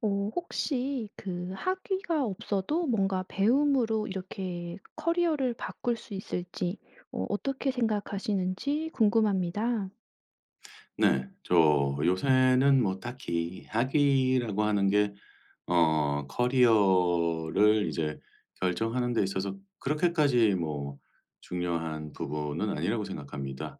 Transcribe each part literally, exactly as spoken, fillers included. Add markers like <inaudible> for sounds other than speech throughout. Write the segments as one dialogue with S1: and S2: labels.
S1: 어 혹시 그 학위가 없어도 뭔가 배움으로 이렇게 커리어를 바꿀 수 있을지 어 어떻게 생각하시는지 궁금합니다.
S2: 네. 저 요새는 뭐 딱히 학위라고 하는 게 어 커리어를 이제 결정하는 데 있어서 그렇게까지 뭐 중요한 부분은 아니라고 생각합니다.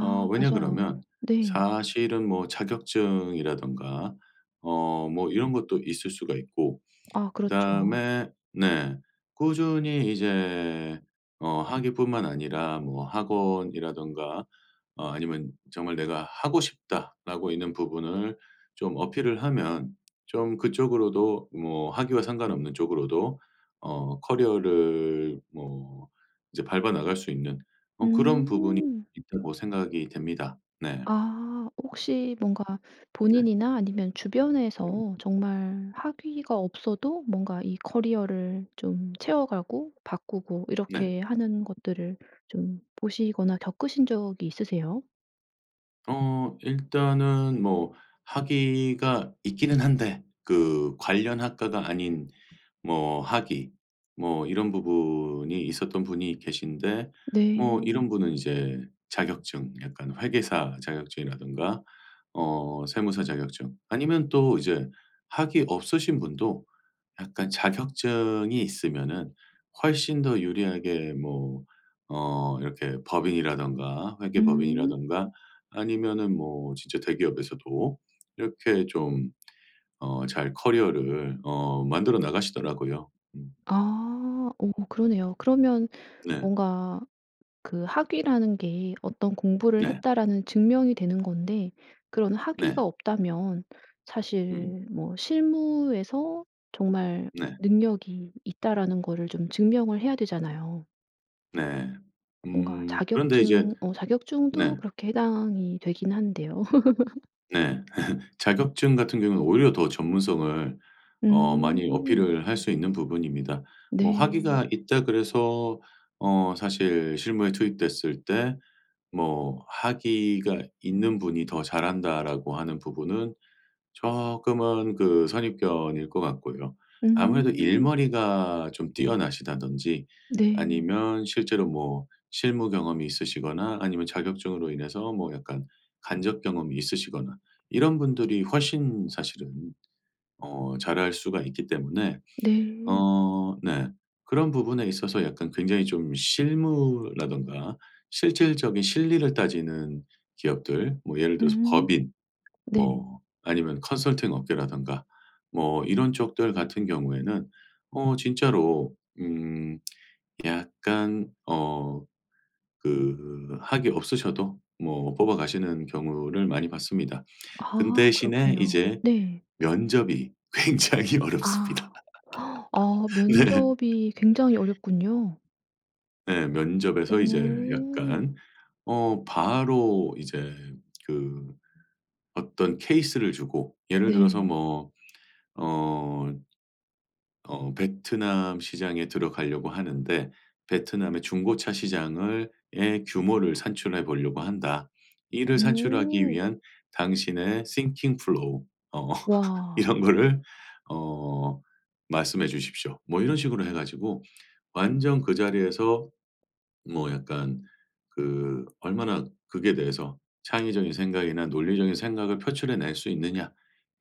S2: 어 왜냐 그러면
S1: 맞아요. 네.
S2: 사실은 뭐 자격증이라든가 어 뭐 이런 것도 있을 수가 있고
S1: 아 그렇죠.
S2: 그다음에 네 꾸준히 이제 어 학위뿐만 아니라 뭐 학원이라든가 아니면 정말 내가 '하고 싶다.'라고 있는 부분을 좀 어필을 하면 좀 그쪽으로도 뭐 학위와 상관없는 쪽으로도 어 커리어를 뭐 이제 밟아 나갈 수 있는 어 그런 부분이
S1: 음.
S2: 있다고 생각이 됩니다. 네.
S1: 아. 혹시 뭔가
S2: 네.
S1: 본인이나 아니면
S2: 음.
S1: 주변에서 정말 학위가 없어도 뭔가 이 커리어를 좀 채워 가고 바꾸고
S2: 네.
S1: 이렇게 하는 것들을 좀 보시거나 겪으신 적이 있으세요?
S2: 어. 일단은 뭐 학위가 있기는 한데 그 관련 학과가 아닌 뭐 학위 뭐 이런 부분이 있었던 분이 계신데 뭐
S1: 네.
S2: 이런 분은 이제 자격증 약간 회계사 자격증이라든가 어 세무사 자격증 아니면 또 이제 학위 없으신 분도 약간 자격증이 있으면은 훨씬 더 유리하게 뭐 어 이렇게 법인이라든가
S1: 음.
S2: 회계법인이라든가 아니면은 뭐 진짜 대기업에서도 이렇게 좀 어 잘 커리어를 어 만들어 나가시더라고요. 음.
S1: 아. 어어 그러네요. 그러면
S2: 네.
S1: 뭔가 그 학위라는 게 '어떤 공부를
S2: 네.
S1: 했다.'라는 증명이 되는 건데 그런
S2: 네.
S1: 학위가 없다면
S2: 음.
S1: 사실 뭐 '실무에서 정말
S2: 네.
S1: 능력이 있다.'라는 거를 좀 증명을 해야 되잖아요.
S2: 네.
S1: 뭔가
S2: 음. 그런데 이제
S1: 자격증 어 자격증도
S2: 네.
S1: 그렇게 해당이 되긴 한데요. <laughs>
S2: 네. <laughs> 자격증 같은 경우는 오히려 더 전문성을 어 많이
S1: 음.
S2: 어필을 할 수 있는 부분입니다. '뭐
S1: 네.
S2: 학위가 있다.' 그래서 어 사실 실무에 투입됐을 때 뭐 '학위가 있는 분이 더 잘한다.'라고 하는 부분은 쪼끔은 그 선입견일 것 같고요. 아무래도
S1: 음.
S2: 일머리가 좀 뛰어나시다든지
S1: 네.
S2: 아니면 실제로 뭐 실무 경험이 있으시거나 아니면 자격증으로 인해서 뭐 약간 간접 경험이 있으시거나 이런 분들이 훨씬 사실은 어 잘할 수가 있기 때문에
S1: 네.
S2: 어 네 그런 부분에 있어서 약간 굉장히 좀 실무라든가 실질적인 실리를 따지는 기업들 뭐 예를 들어서
S1: 음.
S2: 법인
S1: 네.
S2: 뭐 아니면 컨설팅 업계라든가 뭐 이런 쪽들 같은 경우에는 어 진짜로 음 <smacks lips> 약간 어 그 학위 없으셔도 뭐 뽑아가시는 경우를 많이 봤습니다. 그런데
S1: 아
S2: 대신에
S1: 그렇군요.
S2: 이제
S1: 네.
S2: 면접이 굉장히 어렵습니다.
S1: 아. <gasps> 어
S2: 네. <laughs>
S1: 면접이 굉장히 어렵군요.
S2: 네. 면접에서 이제
S1: 오.
S2: 약간 어 바로 이제 그 어떤 케이스를 주고 예를 들어서
S1: 네.
S2: 뭐 어, 어 "베트남 시장에 들어가려고 하는데 베트남의 중고차 시장을 의 규모를 산출해 보려고 한다. 이를 산출하기
S1: 어.
S2: 위한 당신의 thinking flow 어
S1: 와.
S2: 이런 거를 어 말씀해 주십시오." 뭐 이런 식으로 해 가지고 완전 그 자리에서 뭐 약간 그 얼마나 그게 대해서 '창의적인 생각이나 논리적인 생각을 표출해 낼 수 있느냐.'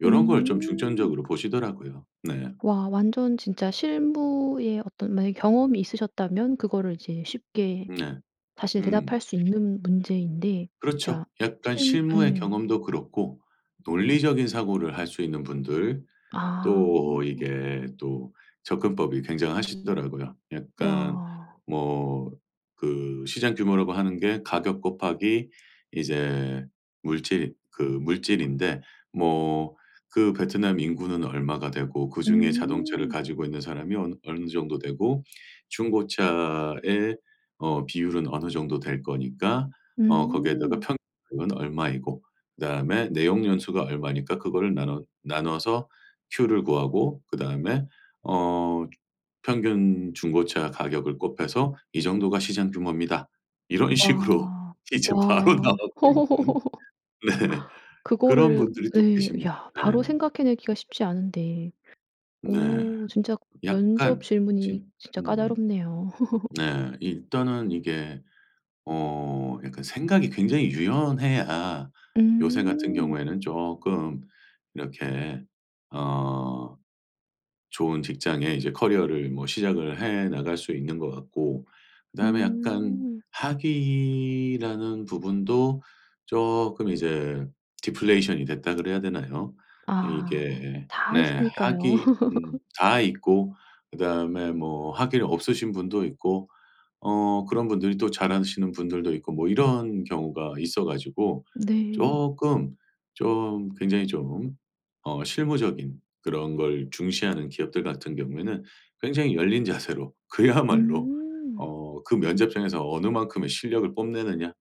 S2: 요런 걸 좀
S1: 음.
S2: 중점적으로 보시더라고요. 네.
S1: 와 완전 진짜 실무의 어떤 만약에 경험이 있으셨다면 그거를 이제 쉽게
S2: 네.
S1: 사실
S2: 음.
S1: 대답할 수 있는 문제인데. 진짜
S2: 그렇죠. 약간
S1: 실
S2: 실무의
S1: 예.
S2: 경험도 그렇고 논리적인 사고를 할 수 있는 분들
S1: 아.
S2: 또 이게 또 접근법이 굉장하시더라고요. 약간
S1: 와.
S2: 뭐 그 "시장 규모라고 하는 게 가격 곱하기 이제 물질 그 물질인데 뭐 그 베트남 인구는 얼마가 되고 그중에 자동차를
S1: 음.
S2: 가지고 있는 사람이 어느 어느 정도 되고 중고차의 어 비율은 어느 정도 될 거니까 어 거기에다가
S1: 음.
S2: 평 은 얼마이고 그다음에 내용 연수가 얼마니까 그거를 나눠 나눠서 큐를 구하고 그다음에 어 주 평균 중고차 가격을 곱해서 이 정도가 시장 규모입니다." 이런 식으로
S1: 와.
S2: 이제 바로
S1: 와.
S2: 나오고 있는
S1: <laughs>
S2: 네. 그런
S1: 그거를
S2: 분들이 또
S1: 예.
S2: 계십니다.
S1: 야
S2: 네.
S1: 바로 생각해 내기가 쉽지 않은데.
S2: 네.
S1: 오 진짜
S2: 약간
S1: 면접 질문이
S2: 진
S1: 진짜
S2: 음.
S1: 까다롭네요. <laughs>
S2: 네. 일단은 이게 어 약간 생각이 굉장히 유연해야 요새 같은
S1: 음.
S2: 경우에는 쪼끔 이렇게 어 좋은 직장에 이제 커리어를 뭐 시작을 해 나갈 수 있는 것 같고 그다음에 약간
S1: 음.
S2: 학위라는 부분도 쪼끔 이제 "디플레이션이 됐다." 그래야 되나요?
S1: 아.
S2: 이게
S1: 다
S2: 네
S1: 있으니까요.
S2: 학위 음
S1: <laughs>
S2: 다 있고 그다음에 뭐 학위를 없으신 분도 있고 어 그런 분들이 또 잘하시는 분들도 있고 뭐 이런 경우가 있어 가지고
S1: 네.
S2: 쪼끔 좀 굉장히 좀 어 실무적인 그런 걸 중시하는 기업들 같은 경우에는 굉장히 열린 자세로 그야말로
S1: 음.
S2: 어 그 면접장에서 어느 만큼의 실력을 뽐내느냐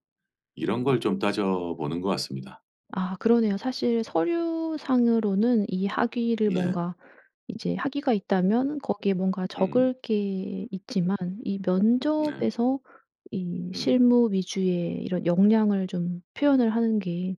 S2: 이런 걸 좀 따져보는 것 같습니다.
S1: 아 그러네요. 사실 서류상으로는 이 학위를
S2: 네.
S1: 뭔가 이제 학위가 있다면 거기에 뭔가
S2: 음.
S1: 적을 게 있지만 이
S2: 네.
S1: 면접에서 이
S2: 음.
S1: 실무 위주의 이런 역량을 좀 표현을 하는 게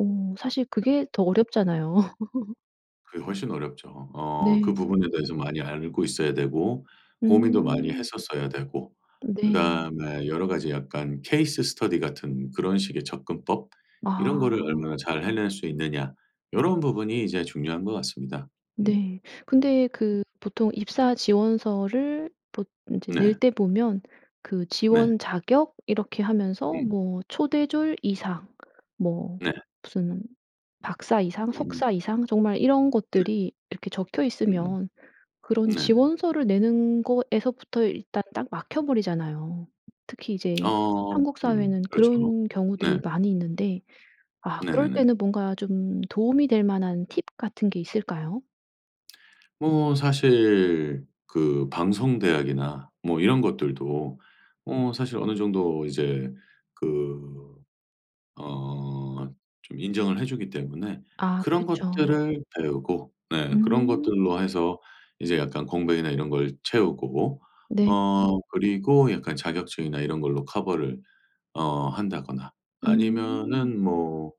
S1: 어 사실 그게 더 어렵잖아요. <laughs>
S2: 그게 훨씬 어렵죠. 어 그 부분에
S1: 네.
S2: 대해서 많이 알고 있어야 되고 고민도 많이
S1: 음.
S2: 했었어야 되고
S1: 네.
S2: 그다음에 여러 가지 약간 케이스 스터디 같은 그런 식의 접근법? 이런 거를 얼마나
S1: 아.
S2: 잘 해낼 수 있느냐 요런 부분이 이제 중요한 것 같습니다. 음.
S1: 네. 근데 그 보통 입사 지원서를 보 인제 낼
S2: 네.
S1: 때 보면 그
S2: 네.
S1: 지원 자격 이렇게 하면서
S2: 음.
S1: 뭐 초급 초대졸 이상 뭐
S2: 네.
S1: 무슨 박사 이상,
S2: 음.
S1: 석사 이상 정말 이런
S2: 네.
S1: 것들이 이렇게 적혀
S2: 음
S1: 있으면 그런
S2: 네네.
S1: 지원서를 내는 거에서부터 일단 딱 막혀 버리잖아요. 특히 이제
S2: 어
S1: 한국
S2: 음.
S1: 사회는
S2: 그렇죠.
S1: 그런
S2: 네.
S1: 경우들이 많이 있는데 아 그럴
S2: 네네네.
S1: 때는 뭔가 좀 도움이 될 만한 팁 같은 게 있을까요?
S2: 뭐 사실 그 방송대학이나 뭐 이런 것들도 어 사실 어느 정도 이제 그 어 좀 인정을 해주기 때문에
S1: 아
S2: 그런
S1: 그렇죠.
S2: 것들을 배우고 네 그런
S1: 음.
S2: 것들로 해서 이제 약간 공백이나 이런 걸 채우고
S1: 네.
S2: 어 그리고 약간 자격증이나 이런 걸로 커버를 어 한다거나
S1: 음.
S2: 아니면은 뭐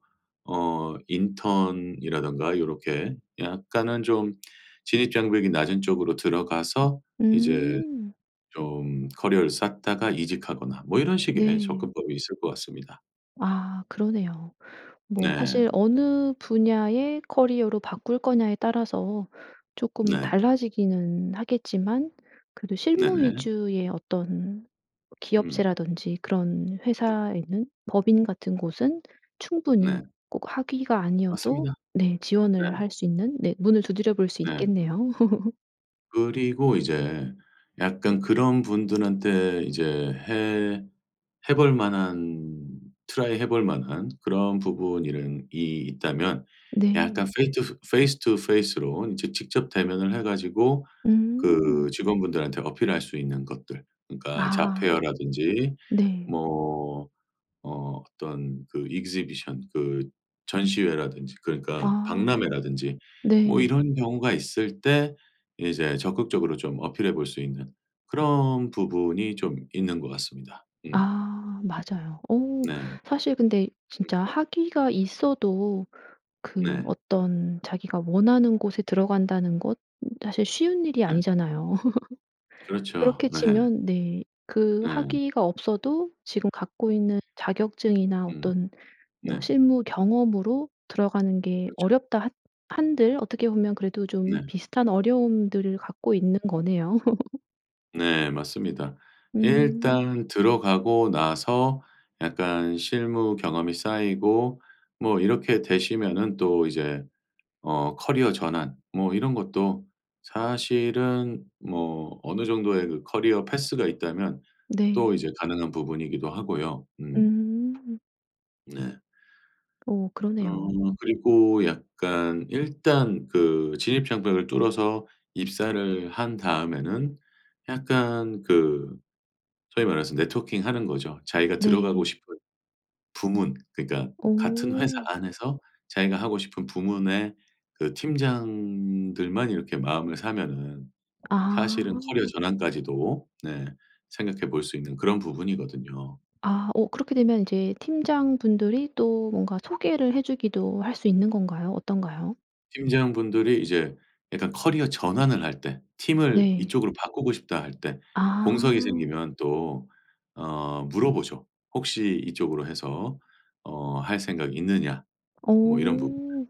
S2: 어 인턴이라든가 요렇게 약간은 좀 진입장벽이 낮은 쪽으로 들어가서 이제
S1: 음.
S2: 좀 커리어를 쌓다가 이직하거나 뭐 이런 식의
S1: 네.
S2: 접근법이 있을 것 같습니다.
S1: 아 그러네요. 뭐
S2: 네.
S1: 사실 '어느 분야의 커리어로 바꿀 거냐.'에 따라서 쪼끔
S2: 네.
S1: 달라지기는 하겠지만 그래도 실무
S2: 네네.
S1: 위주의 어떤
S2: 음.
S1: 기업체라든지 그런
S2: 네.
S1: 회사에는, 법인 같은 곳은
S2: 네.
S1: 충분히 꼭 학위가 아니어도
S2: 맞습니다.
S1: 네
S2: 네.
S1: 지원을 할 수 있는 네 문을 두드려 볼 수
S2: 네.
S1: 있겠네요. <laughs>
S2: 그리고 이제 약간 그런 분들한테 이제 해 해 볼 만한 트라이 해 볼 만한 그런 부분 이런 이 있다면
S1: 네.
S2: 약간 페이 투 페이스 투 페이스로 이제 직접 대면을 해가지고 그
S1: 음.
S2: 직원분들한테 어필할 수 있는 것들 그러니까 잡
S1: 아.
S2: 페어라든지
S1: 네.
S2: 뭐 어 어떤 그 exhibition 그 전시회라든지 그러니까
S1: 아.
S2: 박람회라든지 뭐
S1: 네.
S2: 이런 경우가 있을 때 이제 적극적으로 좀 어필해 볼 수 있는 그런 부분이 좀 있는 것 같습니다. 음.
S1: 아. 맞아요. 어
S2: 네.
S1: 사실 근데
S2: 음.
S1: 진짜 학위가 있어도 그
S2: 네.
S1: 어떤 자기가 원하는 곳에 들어간다는 것 사실 쉬운 일이
S2: 네.
S1: 아니잖아요. <laughs>
S2: 그렇죠.
S1: 그렇게
S2: 네.
S1: 치면 네. 그
S2: 네.
S1: 학위가 없어도 지금 갖고 있는 자격증이나
S2: 음.
S1: 어떤 뭐
S2: 네.
S1: 실무 경험으로 들어가는 게
S2: 그렇죠.
S1: 어렵다 한 한들 어떻게 보면 그래도 좀
S2: 네.
S1: 비슷한 어려움들을 갖고 있는 거네요. <laughs>
S2: 네. 맞습니다
S1: 음.
S2: 일단 들어가고 나서 약간 실무 경험이 쌓이고 뭐 이렇게 되시면은 또 이제 어 커리어 전환 뭐 이런 것도 사실은 뭐 어느 정도의 그 커리어 패스가 있다면 또
S1: 네.
S2: 이제 가능한 부분이기도 하고요. 음.
S1: 음.
S2: 네.
S1: 어
S2: 어.
S1: 그러네요.
S2: 그리고 약간 일단 그 진입 장벽을 뚫어서 입사를 한 다음에는 약간 그 소위 말해서 네트워킹하는 거죠. 자기가 들어가고
S1: 네.
S2: 싶은 부문 그러니까 같은 회사
S1: 어.
S2: 안에서 자기가 하고 싶은 부문의 그 팀장들만 이렇게 마음을 사면은 사실은 커리어
S1: 아.
S2: 전환까지도 네 생각해 볼 수 있는 그런 부분이거든요.
S1: 아 어 그렇게 되면 이제 팀장분들이 또 뭔가 소개를 해 주기도 할 수 있는 건가요 어떤가요?
S2: 팀장분들이 이제 약간 커리어 전환을 할 때 '팀을
S1: 네.
S2: 이쪽으로 바꾸고 싶다.' 할 때 공석이
S1: 아.
S2: 생기면 또 어 물어보죠. "혹시 이쪽으로 해서 어 할 생각이 있느냐?" 뭐 이런 부분들.
S1: 어.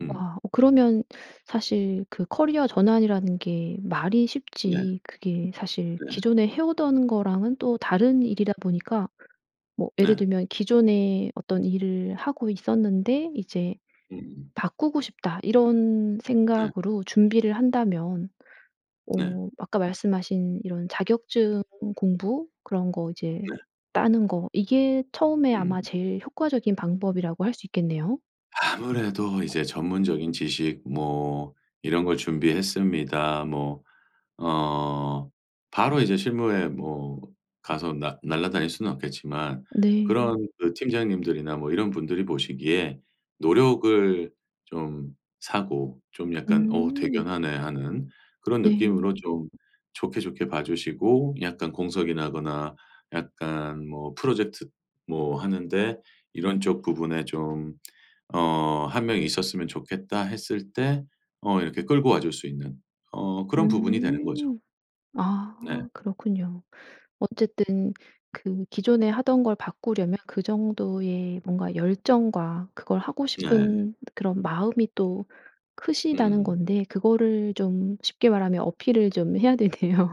S2: 음.
S1: 와. 그러면 사실 그 커리어 전환이라는 게 말이
S2: 네.
S1: 쉽지 그게 사실
S2: 네.
S1: 기존에 해 오던 거랑은 또 다른 일이다 보니까 뭐 예를
S2: 네.
S1: 들면 기존에 어떤 일을 하고 있었는데 이제
S2: 으음.
S1: '바꾸고 싶다.' 이런
S2: 네.
S1: 생각으로 준비를 한다면
S2: 네.
S1: 어 아까 말씀하신 이런 자격증 공부 그런 거 이제
S2: 네.
S1: 따는 거 이게 처음에 아마
S2: 음.
S1: 제일 효과적인 방법이라고 할 수 있겠네요?
S2: 아무래도 이제 전문적인 지식 뭐 이런 걸 준비했습니다. 뭐 어 바로 이제 실무에 뭐 가서 나 날아다닐 수는 없겠지만
S1: 네.
S2: 그런 그 팀장님들이나 뭐 이런 분들이 보시기에 노력을 좀 사고 좀 약간 '어
S1: 음.
S2: 대견하네.'하는 그런
S1: 네.
S2: 느낌으로 좀 좋게, 좋게 봐주시고 약간 공석이 나거나 약간 뭐 프로젝트 뭐 하는데 "이런 쪽 부분에 좀 어 한 명이 있었으면 좋겠다." 했을 때 어 이렇게 끌고 와줄 수 있는 어 그런 부분이 되는 거죠.
S1: 음.
S2: 네.
S1: 아 그렇군요. 어쨌든 그 기존에 하던 걸 바꾸려면 그 정도의 뭔가 열정과 그걸 하고
S2: 네.
S1: 싶은 그런 마음이 또 크시다는
S2: 음.
S1: 건데 그거를 좀 쉽게 말하면 어필을 좀 해야 되네요.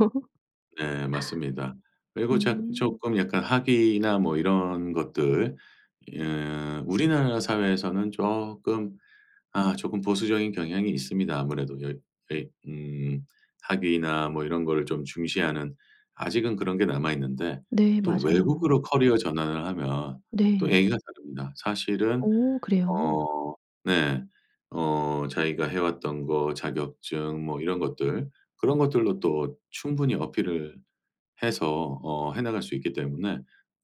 S2: 네, 맞습니다.
S1: <laughs>
S2: 그리고 작
S1: 음.
S2: 조금 약간 학위나 뭐 이런 것들 예 우리나라 사회에서는 쪼끔 아 조끔 보수적인 경향이 있습니다. 아무래도 여 왜 음 학위나 뭐 이런 거를 좀 중시하는 아직은 그런 게 남아있는데
S1: 네.
S2: 또 외국으로
S1: 맞아요.
S2: 커리어 전환을 하면 또
S1: 네.
S2: 얘기가 다릅니다. 사실은
S1: 오 그래요?
S2: 어 네. 어 자기가 해왔던 거, 자격증 뭐 이런 것들. 그런 것들로 또 충분히 어필을 해서 어 해나갈 수 있기 때문에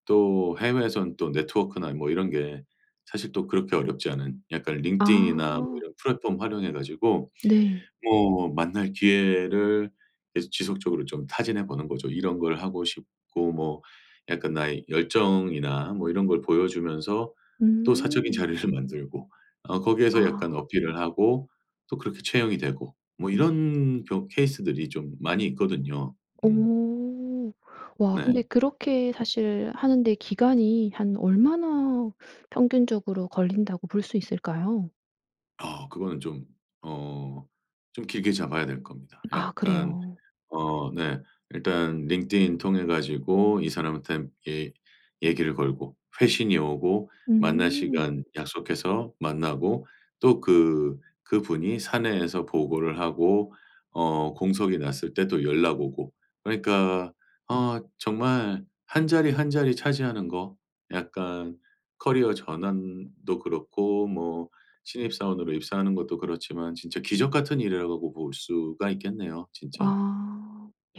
S2: 또 해외에서는 또 네트워크나 뭐 이런 게 사실 또 그렇게 어렵지 않은 약간 링크드인이나
S1: 아.
S2: 이런 플랫폼 활용해 가지고
S1: 네.
S2: 뭐 만날 기회를 계속 지속적으로 좀 타진해 보는 거죠. 이런 걸 하고 싶고 뭐 약간 나의 열정이나 뭐 이런 걸 보여주면서 또 사적인
S1: 음.
S2: 자리를 만들고 어 거기에서
S1: 아.
S2: 약간 어필을 하고 또 그렇게 채용이 되고 뭐 이런 경 케이스들이 좀 많이 있거든요. 음.
S1: 오. 와 근데
S2: 네.
S1: 그렇게 사실 하는 데 기간이 한 얼마나 평균적으로 걸린다고 볼 수 있을까요?
S2: 아. 그거는 좀 어 좀 길게 잡아야 될 겁니다.
S1: 아
S2: 약간
S1: 그래요.
S2: 어 네. 일단 링크드인 통해 가지고 이 사람한테 얘 얘기를 걸고 회신이 오고 만날
S1: 음.
S2: 시간 약속해서 만나고 또 그 그분이 사내에서 보고를 하고 어 공석이 났을 때 또 연락 오고. 그러니까 아 정말 한 자리 한 자리 차지하는 거 약간 커리어 전환도 그렇고 뭐 신입사원으로 입사하는 것도 그렇지만 진짜 기적 같은 일이라고 보 볼 수가 있겠네요 진짜.
S1: 아.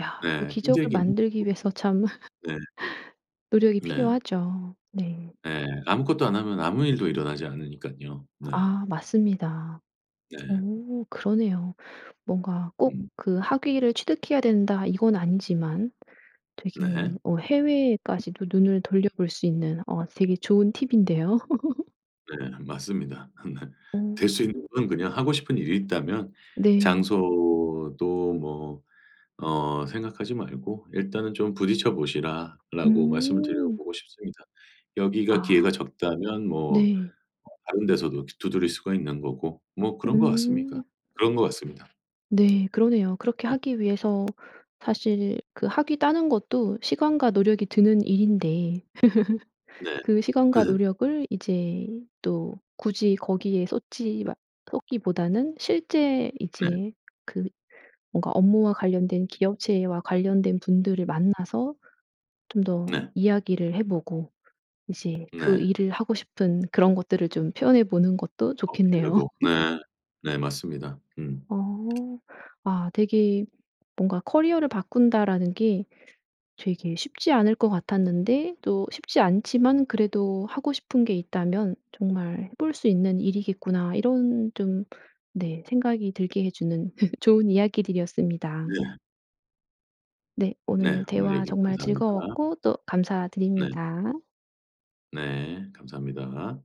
S1: 야 그
S2: 네.
S1: 기적을
S2: 힘들긴 힘
S1: 만들기 위해서 참
S2: <unintelligible> 네.
S1: <laughs> 노력이
S2: 네.
S1: 필요하죠. 네.
S2: 예. 아무것도 안 하면 아무 일도 일어나지 않으니깐요. 네.
S1: 아 맞습니다.
S2: 네.
S1: 어 그러네요. 뭔가 꼭
S2: 음.
S1: 그 학위를 취득해야 된다 이건 아니지만 되게
S2: 네.
S1: 어 해외에까지도 눈을 돌려볼 수 있는 어 되게 좋은 팁인데요? <laughs>
S2: 네. 맞습니다. 네.
S1: 오.
S2: 될 수 있는 건 그냥 하고 싶은 일이 있다면
S1: 네.
S2: 장소도 뭐 어 생각하지 말고 '일단은 좀 부딪혀 보시라.'라고 말씀을
S1: 음.
S2: 드려보고 싶습니다. 여기가
S1: 아.
S2: 기회가 적다면 뭐
S1: 네.
S2: 다른 데서도 두드릴 수가 있는 거고 뭐 그런 것 같습니까.
S1: 음.
S2: 그런 것 같습니다.
S1: 네. 그러네요. 그렇게
S2: 네.
S1: 하기 위해서 사실 그 학위 따는 것도 시간과 노력이 드는 일인데 <laughs>
S2: 네.
S1: 그 시간과
S2: <laughs>
S1: 노력을 이제 또 굳이 거기에 쏟지 마 쏟기보다는 실제
S2: 네.
S1: 이제 그 뭔가 업무와 관련된 기업체와 관련된 분들을 만나서 좀 더
S2: 네.
S1: 이야기를 해 보고 이제 그
S2: 네.
S1: 일을 하고 싶은 그런 것들을 좀 표현해 보는 것도 좋겠네요.
S2: 어필하고
S1: <laughs>
S2: 네. 네 맞습니다. 음.
S1: 어. 아 되게 뭔가 '커리어를 바꾼다.'라는 게 되게 쉽지 않을 것 같았는데 또 쉽지 않지만 '그래도 하고 싶은 게 있다면 정말 해 볼 수 있는 일이겠구나.' 이런 좀 네 생각이 들게 해 주는 <laughs> 좋은 이야기들이었습니다.
S2: 네.
S1: 네.
S2: 네.
S1: 오늘
S2: 오늘
S1: 대화
S2: 얘기
S1: 정말
S2: 감사합니다.
S1: 즐거웠고 또
S2: 네.
S1: 감사드립니다.
S2: 네. 감사합니다.